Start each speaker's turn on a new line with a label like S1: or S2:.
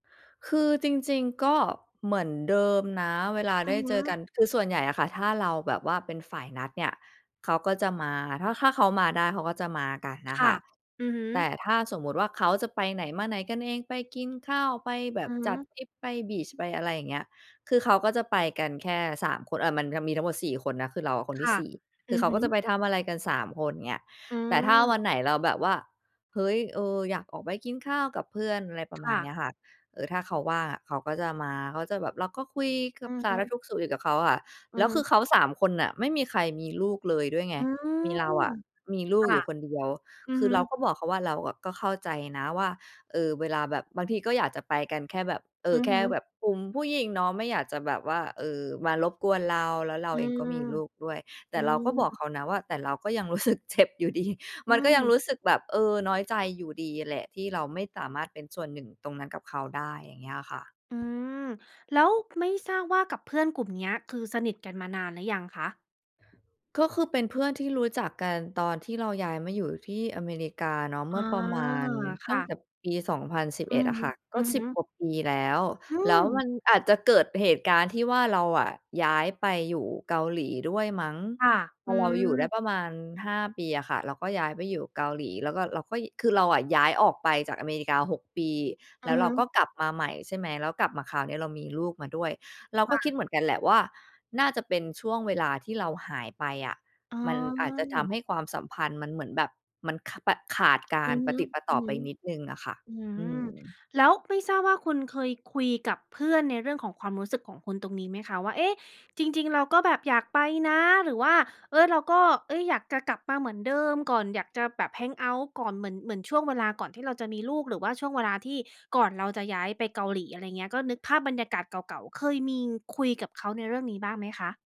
S1: คือจริง ๆ ก็เหมือนเดิมนะเวลา
S2: อ
S1: ไ
S2: ื
S1: ด้
S2: อฮ
S1: เจอก
S2: ึ
S1: ัน คือส่วนใหญ่อะค่ะ ถ้าเราแบบว่าเป็นฝ่ายนัดเนี่ย เขาก็จะมา ถ้า ถ้าเขามาได้เขาก็จะมากัน
S2: ค
S1: น่ะ
S2: ่
S1: ค
S2: ะ
S1: ่ะ
S2: อือฮึ
S1: แต่ถ้าสมมุติว่าเขาจะไปไหนมาไหนกันเอง ไปกินข้าว ไปแบ
S2: อื
S1: บ
S2: อฮ
S1: จัด
S2: ึ
S1: ทริป ไป บีช ไปอะไรอย่างเงี้ย คือเขาก็จะไปกันแค่ 3 คน อะ มันจะมีทั้งหมด 4 คนนะ คือเราอะคนท
S2: ค
S1: ี่
S2: ่ะ
S1: 4 ค
S2: อ
S1: ือ
S2: ื
S1: เข
S2: อ
S1: า
S2: ฮ
S1: ก็จะ
S2: ึ
S1: ไปทำอะไรกัน 3 คน เงี้ย
S2: อื
S1: แต่ถ้า
S2: ม
S1: วันไหนเราแบบว่า เฮ้ย เออ อยากออกไปกินข้าวกับเพื่อน อะไรประ
S2: ค
S1: มา
S2: ่
S1: ณ
S2: ะ
S1: เนี้ยค่ะ เออ ถ้าเขาว่างอะ เขาก็จะมา เขาจะแบบ เราก็คุยกั
S2: อื
S1: บ
S2: อ
S1: ส
S2: ฮ
S1: าร
S2: ึ
S1: ทุกข์สุกดิบกับเขาอะ
S2: อื
S1: แล้วคื
S2: ม
S1: อเขา 3 คนน่ะ ไม่มีใครมีลูกเลยด้วยไง
S2: อื
S1: มี
S2: ม
S1: เราอะมีลู
S2: ค
S1: ก
S2: ่
S1: อย
S2: ะ
S1: ู่คนเดียว
S2: อือ
S1: คื
S2: ฮ
S1: อ
S2: ึ
S1: เราก็บอกเขาว่า เราอะก็เข้าใจนะว่า เออ เวลาแบบ บางทีก็อยากจะไปกันแค่แบบ เอ่
S2: อื
S1: อ
S2: อ
S1: แค
S2: ฮ
S1: ่
S2: ึ
S1: แบบกลุ่มผู้หญิงเนาะ ไม่อยากจะแบบว่า เออ มารบกวนเรา แล้วเรา
S2: อื
S1: เองก็
S2: ม
S1: มีลูกด้วย แต
S2: อื
S1: ่เราก็บอก
S2: ม
S1: เขานะว่า แต่เราก็ยัง รู้สึกเจ็บอยู่ดี
S2: อ
S1: ม
S2: ื
S1: ันก็ยัง
S2: ม
S1: รู้สึกแบบ เออ น้อยใจอยู่ดีแหละ ที่เราไม่สามารถเป็นส่วน 1 ตรงนั้นกับเขาได้ อย่างเงี้ยอะค่ะ
S2: อืม แล้วไม่ทราบว่ากับเพื่อนกลุ่มเนี้ย คือสนิทกันมานานหรือยังคะ?
S1: ก็คือเป็นเพื่อนที่รู้จักกันตอนที่เราย้ายมาอยู่ที่อเมริกาเนาะ เ
S2: อ
S1: ม
S2: ๋
S1: ื
S2: อ
S1: ่อประมาณ
S2: ค
S1: ต
S2: ่
S1: ั้ง
S2: ะ
S1: แต่ปี สองพันสิบ
S2: อื
S1: เอ็ด
S2: อ
S1: อะ
S2: ฮ
S1: ค
S2: ึ
S1: ่ะ
S2: อ
S1: ก็
S2: ือ
S1: ส
S2: ฮ
S1: ิบ
S2: ึ
S1: กว่าปีแล้ว
S2: อื
S1: แล้วม
S2: ม
S1: ันอาจจะเกิดเหตุการณ์ที่ว่า เราอะย้ายไปอยู่เกาหลีด้วยมั้ง
S2: ค่ะ
S1: พ
S2: อ
S1: อ
S2: ื
S1: เราอยู่ได้
S2: ม
S1: ประมาณ 5 ปีอะค่ะ เราก็ย้ายไปอยู่เกาหลี แล้วก็เราก็ ย คือเราอะย้ายออกไปจากอเมริกา 6 ปี
S2: อื
S1: แล้
S2: อ
S1: วเ
S2: ฮ
S1: ราก
S2: ึ
S1: ็กลับมาใหม่ ใช่ไหม แล้วกลับมาคราวนี้เรามีลูกมาด้วย เรา
S2: ค
S1: ก็
S2: ่
S1: คิด
S2: ะ
S1: เหมือนกันแหละว่า น่าจะเป็นช่วงเวลาที่เราหายไปอะ
S2: อ๋
S1: มันอาจจะทำ
S2: อ
S1: ให้ความสัมพันธ์มันเหมือนแบบ มัน ข แบบขาดกา
S2: อื
S1: ร
S2: อฮ
S1: ปะ
S2: ึ
S1: ติดปะต่อไปนิดหนึ่งน่ะค่ะ
S2: ๆ อื
S1: อื
S2: ม
S1: ม
S2: แล้วไม่ทราบว่าคุณเคยคุยกับเพื่อนในเรื่องของความรู้สึกของคุณตรงนี้ไหมคะว่า เอ๊ะ! จริง ๆ เราก็แบบอยากไปนะหรือว่า เออ เราก็ เอ๊ย อยากจะกลับมาเหมือนเดิมก่อนอยากจะแบบ แฮงเอาต์ ก่อน เหมือน เหมือนช่วงเวลาก่อนที่เราจะมีลูก หรือว่าช่วงเวลาที่ก่อนเราจะย้ายไปเกาหลี อะไรอย่างเงี้ย ก็นึกภาพบรรยากาศเก่า ๆ เคยมีคุยกับเขาในเรื่องนี้บ้างไหมคะ?